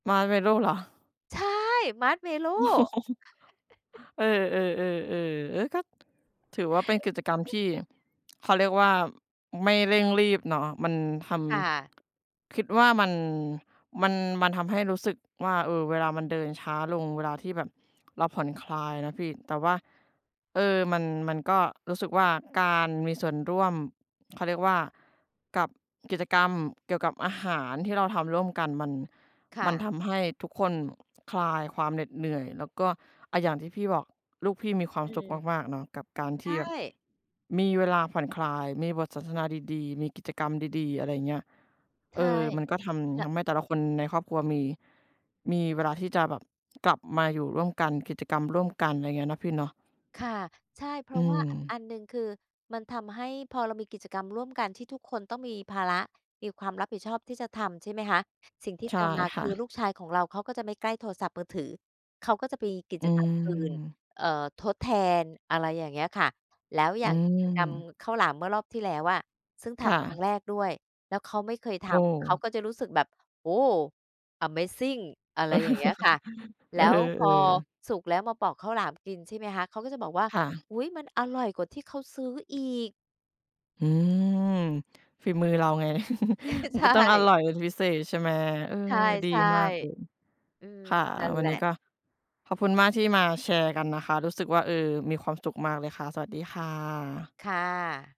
Marshmallow เหรอ? ใช่ Marshmallow เออ ๆ ๆ ๆ เออ ก็ ถือว่าเป็นกิจกรรมที่ เขาเรียกว่าไม่เร่งรีบเนาะ มันทค่ะ ำ คิดว่ามัน มัน มันทำให้รู้สึกว่า เออ เวลามันเดินช้าลง เวลาที่แบบเราผ่อนคลายนะพี่ แต่ว่า เออ มัน มันก็รู้สึกว่า การมีส่วนร่วม เขาเรียกว่า กับกิจกรรมเกี่ยวกับอาหารที่เราทำร่วมกัน มัน คม่ันะ ทำให้ทุกคนคลายความเหน็ดเหนื่อย แล้วก็ อะ อย่างที่พี่บอก ลูกพี่มีความอืสุขม มาก ๆ เนาะ กับการใทชี่แบบ ่ มีเวลาผ่อนคลาย มีบทสนทนาดี ๆ มีกิจกรรมดี ๆ อะไรอย่างเงี้ย ใชเอ่ อ มันก็ทแลำ ้ทว ำให้แต่ละคนในครอบครัว มี มีเวลาที่จะแบบกลับมาอยู่ร่วมกัน กิจกรรมร่วมกัน อะไรอย่างเงี้ย เนาะพี่เนาะ ค่ะ ใช่ เพอรืาะว่าม อันหนึ่ง คือมันทำให้ พอเรามีกิจกรรมร่วมกันที่ทุกคนต้องมีภาระ มีความรับผิดชอบที่จะทำ ใช่ไหมคะ? สิ่งที่ใชต่ามมา คค่ือะ ลูกชายของเรา เขาก็จะไม่ใกล้โทรศัพท์มือถือ เขาก็จะมีกิอืจกรรมอื่น ม เอ่อ ทดแทน อะไรอย่างเงี้ยค่ะ แล้วออยื่างกิจกรรมม ข้าวหลาม เมื่อรอบที่แล้วอะ ซึ่งทค่ำครั้งะ แรกด้วย แล้วเขาไม่เคยทโอ้ ำ เขาก็จะรู้สึกแบบ โอ้โฮ! อะเมซิง อะไรอย่างเงี้ยค่ะ เแลอ้อ วพเอออ สุกแล้ว มาปอกข้าวหลามกิน ใช่ไหมคะ เขาก็จะบอกว่า ค่ะ อุ๊ย! มันอร่อยกว่าที่เขาซื้ออีก อืม ฝีมือเราไง มัในชก็ต้องอ่ ร่อยเป็นพิเศษ ใช่ไหม? เออ ใดีช่ มากเลย ๆ อืม ค่ะ นั่นวัแหนลนี้ะ ก็ ขอบคุณมากที่มาแชร์กันนะคะ รู้สึกว่า เออ มีความสุขมากเลยค่ะ สวัสดีค่ะ ค่ะ